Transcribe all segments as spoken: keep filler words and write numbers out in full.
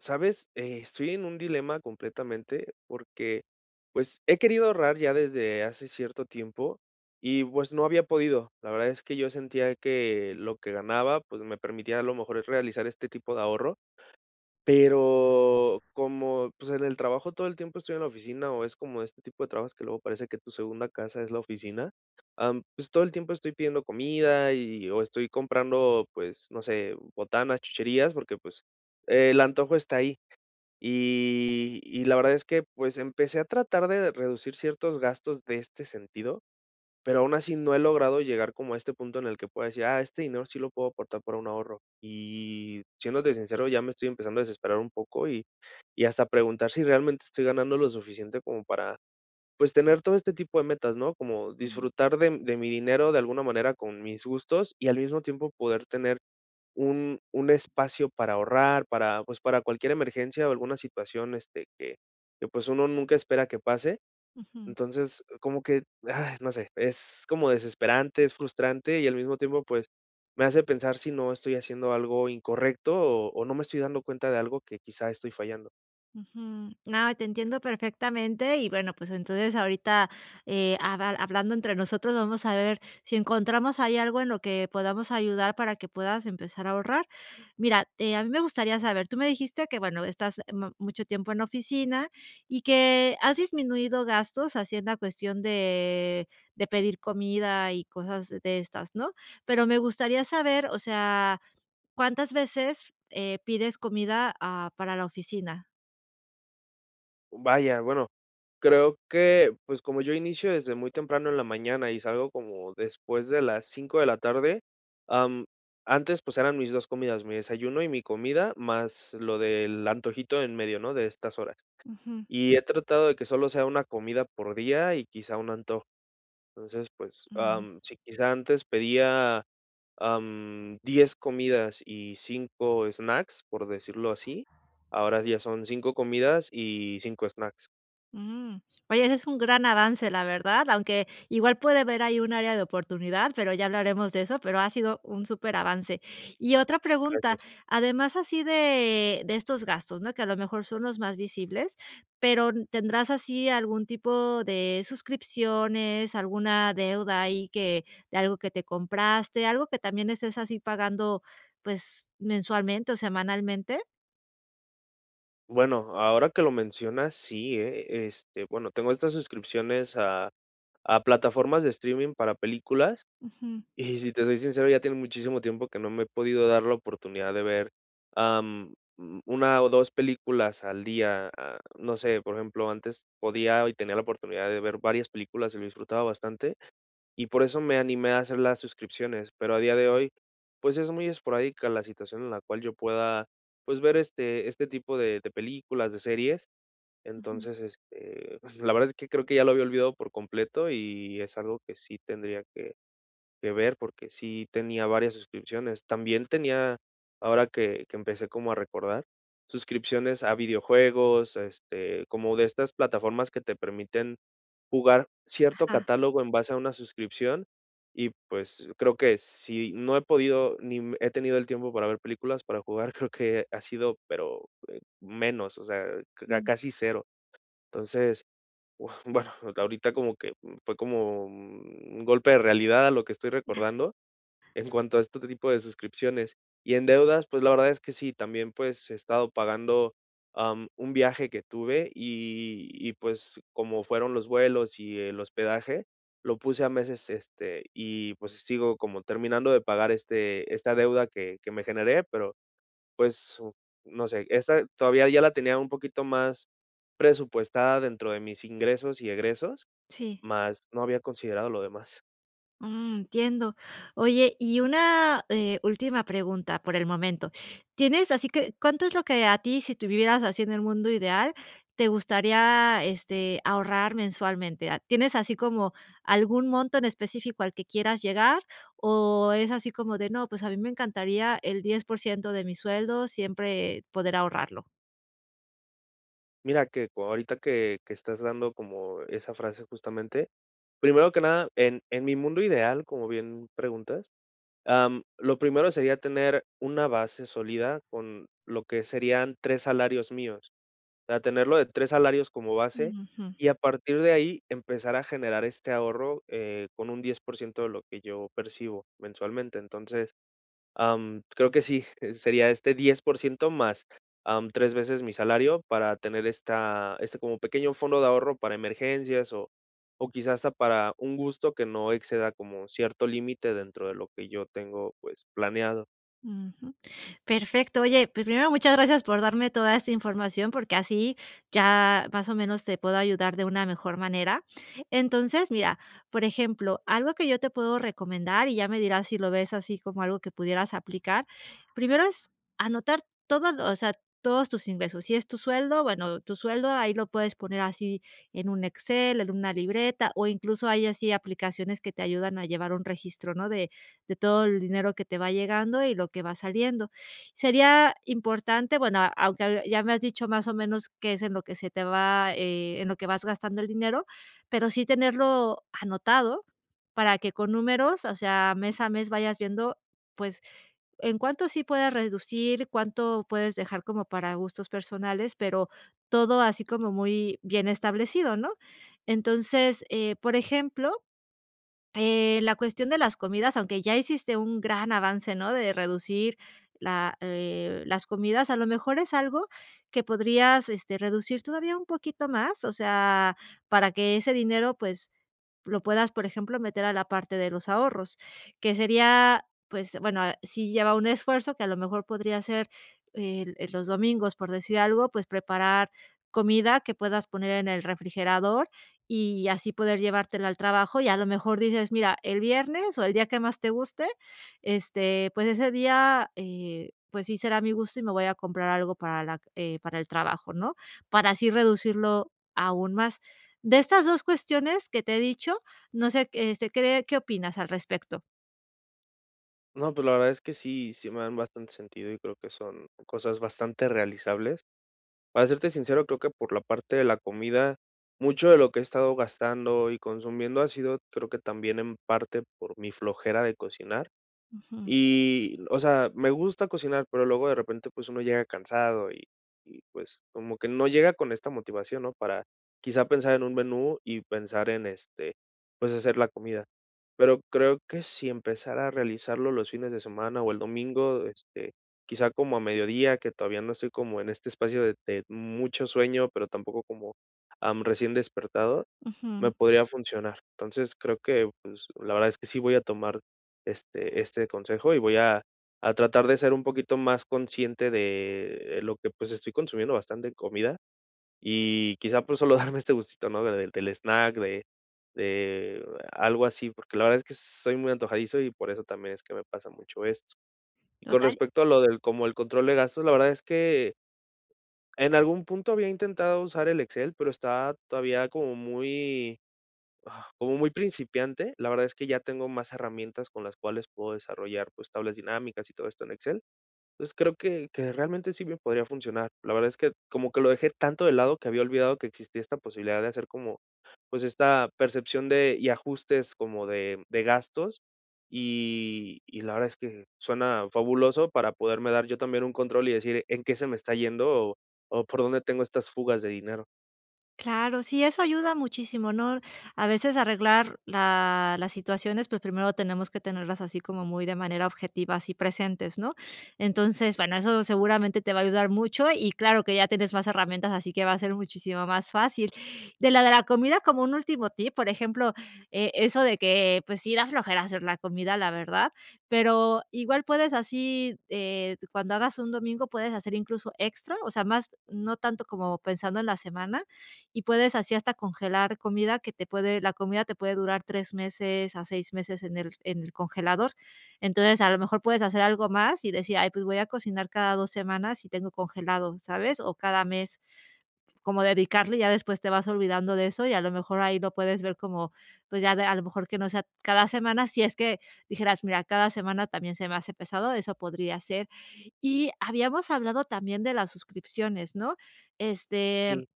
¿Sabes?, estoy en un dilema completamente porque, pues, he querido ahorrar ya desde hace cierto tiempo y, pues, no había podido. La verdad es que yo sentía que lo que ganaba, pues, me permitía a lo mejor es realizar este tipo de ahorro, pero como, pues, en el trabajo todo el tiempo estoy en la oficina o es como este tipo de trabajos que luego parece que tu segunda casa es la oficina, am, pues, todo el tiempo estoy pidiendo comida y, o estoy comprando, pues, no sé, botanas, chucherías, porque, pues, el antojo está ahí. Y y la verdad es que, pues, empecé a tratar de reducir ciertos gastos de este sentido, pero aun así no he logrado llegar como a este punto en el que pueda decir: "Ah, este dinero sí lo puedo apartar para un ahorro". Y, siéndote sincero, ya me estoy empezando a desesperar un poco y y hasta preguntar si realmente estoy ganando lo suficiente como para, pues, tener todo este tipo de metas, ¿no?, como disfrutar de de mi dinero de alguna manera con mis gustos y al mismo tiempo poder tener un un espacio para ahorrar para, pues, para cualquier emergencia o alguna situación, este, que que, pues, uno nunca espera que pase. Ujú. Entonces, oh, como que, ah, no sé, es como desesperante, es frustrante y al mismo tiempo, pues, me hace pensar si no estoy haciendo algo incorrecto o o no me estoy dando cuenta de algo que quizá estoy fallando. Ujú. No, y te entiendo perfectamente. Y bueno, pues, entonces ahorita, eh, haba hablando entre nosotros, vamos a ver si encontramos ahí algo en lo que podamos ayudar para que puedas empezar a ahorrar. Mira, a mí me gustaría saber, tú me dijiste que, bueno, estás, em, m mucho tiempo en oficina y que has disminuido gastos haciendo cuestión de de pedir comida y cosas de estas, ¿no?, pero me gustaría saber, o sea, ¿cuántas veces, eh, pides comida a para la oficina? Vaya, bueno, creo que, pues, como yo inicio desde muy temprano en la mañana y salgo como después de las cinco de la tarde, am, antes, pues, eran mis dos comidas, mi desayuno y mi comida, más lo del antojito en medio, ¿no?, de estas horas. Ujú. Y he tratado de que solo sea una comida por día y quizá un antojo entonces, pues, Ujú. am, sí, quizá antes pedía, am, diez comidas y cinco snacks, por decirlo así, [unintelligible] ahora ya son cinco comidas y cinco snacks. Mm, oye, ese es un gran avance, la verdad, aunque igual puede haber ahí un área de oportunidad, pero ya hablaremos de eso, pero ha sido un superavance. Y otra pregunta, Gracias. además así de de estos gastos, no que a lo mejor son los más visibles, pero ¿tendrás así algún tipo de suscripciones, alguna deuda ahí que de algo que te compraste, algo que también estés así pagando, pues, mensualmente o semanalmente? Bueno, ahora que lo mencionas, sí, eh. Este, bueno, tengo estas suscripciones a a plataformas de streaming para películas, Ujú. y si te soy sincero ya tienen muchísimo tiempo que no me he podido dar la oportunidad de ver, am, una o dos películas al día, a, no sé por ejemplo antes podía y tenía la oportunidad de ver varias películas y lo disfrutaba bastante y por eso me animé a hacer las suscripciones pero a día de hoy, pues, es muy esporádica la situación en la cual yo pueda, pues, ver este este tipo de de películas de series, Ujú. entonces, este, pues, la verdad es que creo que ya lo había olvidado por completo y es algo que sí tendría que que ver porque sí tenía varias suscripciones. También tenía ahora que que empecé como a recordar suscripciones a videojuegos, este, como de estas plataformas que te permiten jugar cierto Ajá. catálogo en base a una suscripción y, pues, creo que, si no he podido ni he tenido el tiempo para ver películas, para jugar, creo que ha sido, pero eh, menos, o sea, Ujú. casi cero. Entonces, uf, bueno, ahorita como que, mm, fue como mm, un golpe de realidad a lo que estoy recordando en [unintelligible] cuanto a este tipo de suscripciones. Y en deudas, pues, la verdad es que sí también, pues, he estado pagando, am, un viaje que tuve y y, pues, como fueron los vuelos y el hospedaje, lo puse a meses, este, y, pues, sigo como terminando de pagar este, esta deuda que que me generé pero, pues, no sé esta todavía ya la tenía un poquito más presupuestada dentro de mis ingresos y egresos Sí. mas no había considerado lo demás. Mm, entiendo, oye, y una, eh, última pregunta por el momento, ¿tienes así que, cuánto es lo que a ti, si tú vivieras así en el mundo ideal, te gustaría, este, ahorrar mensualmente? ¿Tienes así como algún monto en específico al que quieras llegar?, o es así como de: "No, pues a mí me encantaría el diez por ciento de mi sueldo siempre poder ahorrarlo". Mira que, ahorita que que estás dando como esa frase justamente, primero que nada en en mi mundo ideal, como bien preguntas, am, lo primero sería tener una base sólida con lo que serían tres salarios míos, o sea, tener lo de tres salarios como base Ujú. y a partir de ahí empezar a generar este ahorro, eh, con un diez por ciento de lo que yo percibo mensualmente. Entonces, am, creo que sí, sería este diez por ciento más, am, tres veces mi salario para tener esta, este como pequeño fondo de ahorro para emergencias o o quizá hasta para un gusto que no exceda como cierto límite dentro de lo que yo tengo, pues, planeado. Ujú. Perfecto. Oye, pues primero muchas gracias por darme toda esta información, porque así ya más o menos te puedo ayudar de una mejor manera. Entonces, mira, por ejemplo, algo que yo te puedo recomendar y ya me dirás si lo ves así como algo que pudieras aplicar, primero es anotar todo lo o sea, todos tus ingresos. Si es tu sueldo, bueno, tu sueldo ahí lo puedes poner así en un Excel, en una libreta o incluso hay así aplicaciones que te ayudan a llevar un registro, ¿no?, de de todo el dinero que te va llegando y lo que va saliendo. Sería importante, bueno, a aunque ya me has dicho más o menos qué es en lo que se te va eh, en lo que vas gastando el dinero, pero sí tenerlo anotado para que con números, o sea, mes a mes vayas viendo, pues en cuánto sí pueda reducir, cuánto puedes dejar como para gustos personales, pero todo así como muy bien establecido, ¿no? Entonces, eh, por ejemplo, eh, la cuestión de las comidas, aunque ya hiciste un gran avance, ¿no?, de reducir la, eh, las comidas, a lo mejor es algo que podrías, este, reducir todavía un poquito más, o sea, para que ese dinero, pues lo puedas, por ejemplo, meter a la parte de los ahorros, que sería pues bueno, ah, si ya va un esfuerzo que a lo mejor podría ser el, eh, los domingos, por decir algo, pues preparar comida que puedas poner en el refrigerador y así poder llevártela al trabajo. Y a lo mejor dices: "Mira el viernes", o el día que más te guste, este, pues ese día, eh, pues sí será mi gusto y me voy a comprar algo para la, eh, para el trabajo, ¿no? Para así reducirlo aún más. De estas dos cuestiones que te he dicho, no sé q este cree ¿qué opinas al respecto? No, pues, la verdad es que sí, sí me dan bastante sentido y creo que son cosas bastante realizables. Para serte sincero, creo que, por la parte de la comida, mucho de lo que he estado gastando y consumiendo ha sido, creo que también en parte por mi flojera de cocinar Ujú. y, o sea, me gusta cocinar, pero luego de repente, pues, uno llega cansado y y, pues, como que no llega con esta motivación, ¿no? Para quizá pensar en un menú y pensar en, este, pues, hacer la comida. Pero creo que si empezara a realizarlo los fines de semana o el domingo, este, quizá como a mediodía, que todavía no estoy como en este espacio de de mucho sueño, pero tampoco como, am, recién despertado, me Ujú. podría funcionar. Entonces creo que, pues, la verdad es que sí voy a tomar este este consejo y voy a a tratar de ser un poquito más consciente de lo que, pues, estoy consumiendo bastante comida y quizá, pues, solo darme este gustito, ¿no? Del del snack de de algo así, porque la verdad es que soy muy antojadizo y por eso también es que me pasa mucho esto. Con Total. respecto a lo del como el control de gastos, la verdad es que en algún punto había intentado usar el Excel, pero está todavía como muy, ah, como muy principiante. La verdad es que ya tengo más herramientas con las cuales puedo desarrollar, pues, tablas dinámicas y todo esto en Excel. Pues, creo que que realmente sí me podría funcionar. La verdad es que como que lo dejé tanto de lado que había olvidado que existía esta posibilidad de hacer como pues, esta percepción de y ajustes como de de gastos y y la verdad es que suena fabuloso para poderme dar yo también un control y decir en qué se me está yendo o por dónde tengo estas fugas de dinero. Claro, sí, eso ayuda muchísimo, ¿no? A veces arreglar la las situaciones, pues, primero tenemos que tenerlas así como muy de manera objetiva, así presentes, ¿no? Entonces, bueno, eso seguramente te va a ayudar mucho y claro que ya tienes más herramientas, así que va a ser muchísimo más fácil. De la de la comida, como un último tip, por ejemplo, eh, eso de que, pues, sí, da flojera hacer la comida, la verdad, pero igual puedes así, eh, cuando hagas un domingo, puedes hacer incluso extra, o sea, más, no tanto como pensando en la semana y puedes así hasta congelar comida que te puede, la comida te puede durar tres meses a seis meses en el en el congelador. Entonces, a lo mejor puedes hacer algo más y decir: "Ay, pues, voy a cocinar cada dos semanas y tengo congelado, ¿sabes?" O cada mes, cómo dedicarle y ya después te vas olvidando de eso y a lo mejor ahí lo puedes ver como, pues, ya de a lo mejor que no sea cada semana, si es que dijeras, mira, cada semana también se me hace pesado, eso podría ser. Y habíamos hablado también de las suscripciones, ¿no? Este, Sí.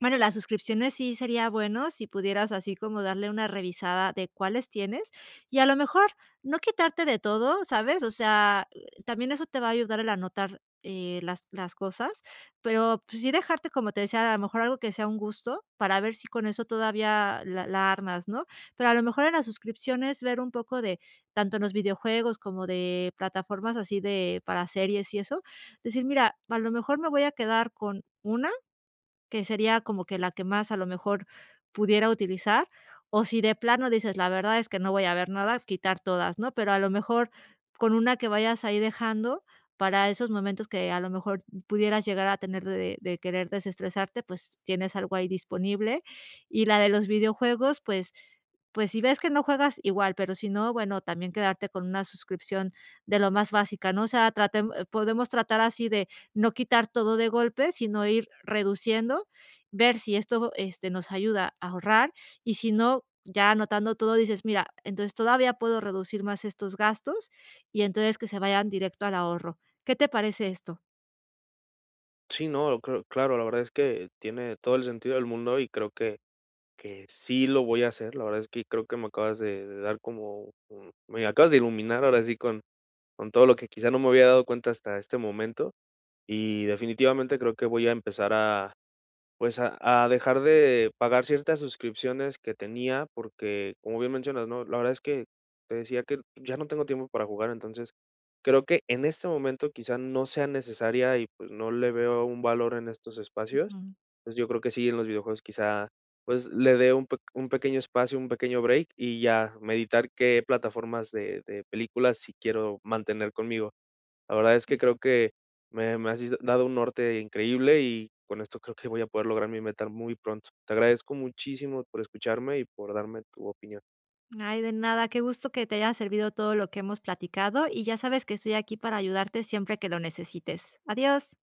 bueno, las suscripciones sí sería bueno si pudieras así como darle una revisada de cuáles tienes y a lo mejor, no quitarte de todo, ¿sabes? O sea, también eso te va a ayudar el anotar, eh, las las cosas, pero, pues, sí dejarte, como te decía, a lo mejor algo que sea un gusto para ver si con eso todavía la la armas, ¿no? Pero a lo mejor en las suscripciones ver un poco de, tanto en los videojuegos como de plataformas así de, para series y eso, decir, mira, a lo mejor me voy a quedar con una que sería como que la que más a lo mejor pudiera utilizar. O si de plano dices: "La verdad es que no voy a ver nada", quitar todas, ¿no? Pero a lo mejor con una que vayas ahí dejando para esos momentos que a lo mejor pudieras llegar a tener de de querer desestresarte, pues, tienes algo ahí disponible, y la de los videojuegos, pues pues, si ves que no juegas igual, pero si no, bueno, también quedarte con una suscripción de lo más básica, ¿no? O sea, tratemos, podemos tratar así de no quitar todo de golpe, sino ir reduciendo, ver si esto, este, nos ayuda a ahorrar y, si no, ya anotando todo, dices: "Mira, entonces todavía puedo reducir más estos gastos" y entonces que se vayan directo al ahorro. ¿Qué te parece esto? Sí, ¿no?, cre claro, la verdad es que tiene todo el sentido del mundo y creo que que sí lo voy a hacer, la verdad es que creo que me acabas de de dar como, un me acabas de iluminar ahora sí con con todo lo que quizá no me había dado cuenta hasta este momento y definitivamente creo que voy a empezar a, pues, a a dejar de pagar ciertas suscripciones que tenía porque como bien mencionas, ¿no? La verdad es que, te decía que ya no tengo tiempo para jugar, entonces creo que en este momento quizá no sea necesaria y pues, no le veo un valor en estos espacios, Ujú. pues, yo creo que sí en los videojuegos quizá, pues, le dé un peq un pequeño espacio, un pequeño break y ya meditar qué plataformas de de películas sí quiero mantener conmigo, la verdad es que creo que me me has dido dado un norte increíble y con esto creo que voy a poder lograr mi meta muy pronto. Te agradezco muchísimo por escucharme y por darme tu opinión. Ay, de nada, qué gusto que te haya servido todo lo que hemos platicado, y ya sabes que estoy aquí para ayudarte siempre que lo necesites, adiós.